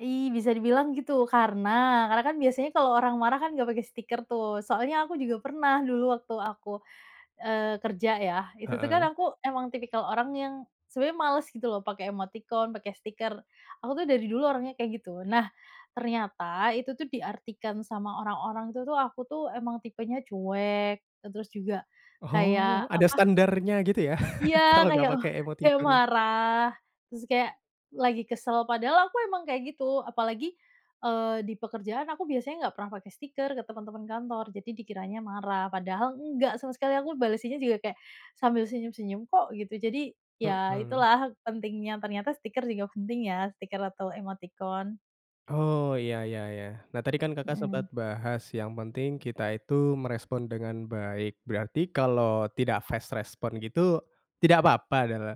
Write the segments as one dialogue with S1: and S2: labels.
S1: Ih, bisa dibilang gitu, karena karena kan biasanya kalau orang marah kan, nggak pakai stiker tuh, soalnya aku juga pernah dulu waktu aku, eee, kerja ya, itu tuh kan
S2: Heeh.
S1: aku emang tipikal orang yang sebenarnya males gitu loh, pakai emoticon, pakai stiker. Aku tuh dari dulu orangnya kayak gitu. Nah, ternyata itu tuh diartikan sama orang-orang itu tuh, aku tuh emang tipenya cuek, e terus juga
S2: Oh,
S1: kayak
S2: ada
S1: apa?
S2: standarnya gitu ya,
S1: Iya,
S2: kalau nggak
S1: kayak, oh
S2: pakai
S1: kayak
S2: emoticon.
S1: marah, terus kayak lagi kesel, padahal aku emang kayak gitu, apalagi, eee, di pekerjaan aku biasanya nggak pernah pake stiker ke teman-teman kantor, jadi dikiranya marah. Padahal nggak sama sekali, aku balesinnya juga kayak, sambil senyum-senyum kok, gitu. Jadi, ya
S2: Mhm.
S1: itulah pentingnya, ternyata stiker juga penting ya, stiker atau emoticon.
S2: Oh, ya ya ya. Nah, tadi kan Kakak
S1: Mhm.
S2: sempet bahas yang penting kita itu merespon dengan baik. Berarti kalau tidak fast response gitu, tidak papa? Dala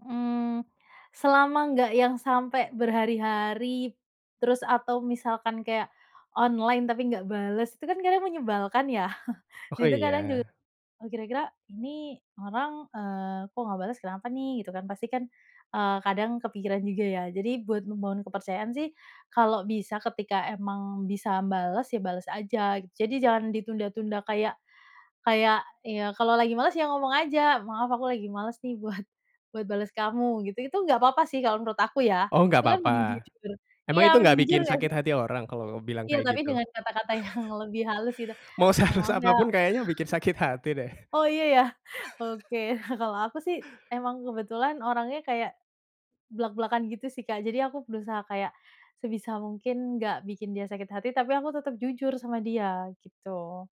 S1: Mmm, selama nggak yang sampai berhari-hari, terus atau misalkan kayak, online tapi nggak bales, itu kan kadang menyebalkan ya,
S2: Oh
S1: Itu kadang juga
S2: iya.
S1: "Oh, kira-kira ini orang, eee, kok, nggak bales kenapa nih?" Gitu kan, pasti kan, eee, kadang kepikiran juga ya. Jadi buat membangun kepercayaan sih kalau bisa, ketika emang bisa m bales, ya bales aja. Jadi jangan ditunda-tunda kayak kayak, ya kalau lagi males, ya ngomong aja, "Maaf aku lagi males nih, buat buat bales kamu," gitu. Itu nggak papa sih, kalau menurut aku ya,
S2: Oh, nggak
S1: itu kan mending
S2: papa,
S1: jujur
S2: emang
S1: iya,
S2: itu nggak
S1: mending
S2: bikin
S1: jujur nggak
S2: sakit
S1: sih?
S2: hati orang kalau kamu bilang
S1: Iya,
S2: kayak
S1: tapi
S2: gitu?
S1: dengan kata-kata yang lebih halus gitu.
S2: Mau
S1: Eee,
S2: sehalus
S1: "Maaf
S2: apa
S1: ya"
S2: pun kayaknya bikin sakit hati deh.
S1: Oh, iya ya? Oke kalau aku sih, emang kebetulan orangnya kayak blak-blakan gitu sih, Kak. Jadi aku berusaha kayak, sebisa mungkin nggak bikin dia sakit hati, tapi aku tetep jujur sama dia, gitu.